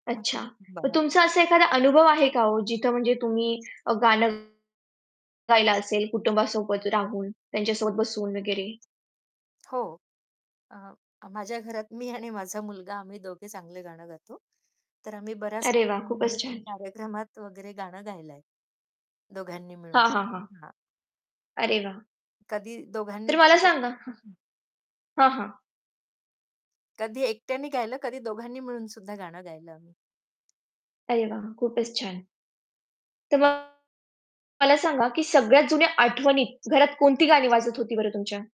अच्छा, तर तुमचा असा एखादा [unintelligible] अनुभव आहे का हो जिथं म्हणजे तुम्ही अ, गाणं गायला असेल, कुटुंबासोबत राहून, त्यांच्यासोबत बसून वगैरे. हो. अ, माझ्या घरात मी आणि माझा मुलगा आम्ही दोघे चांगलं गाणं गातो, तर आम्ही बऱ्याच अरे वाह! खूपच [unintelligible] छान. कार्यक्रमात वगैरे गाणं गायलंय. दोघांनी मिळून. हां, हां, हां. हां. अरे वाह! कधी दोघांनी तर मला केले सांगा हां. हं. हां, हां. कधी एकट्यानी गायलं, कधी दोघांनी मिळून सुद्धा गाणं गायलं आम्ही. अरे वाह, खूपच छान. तर मग मला सांगा, की सगळ्यात जुन्या आठवणीत घरात कोणती गाणी वाजत होती बरं तुमच्या?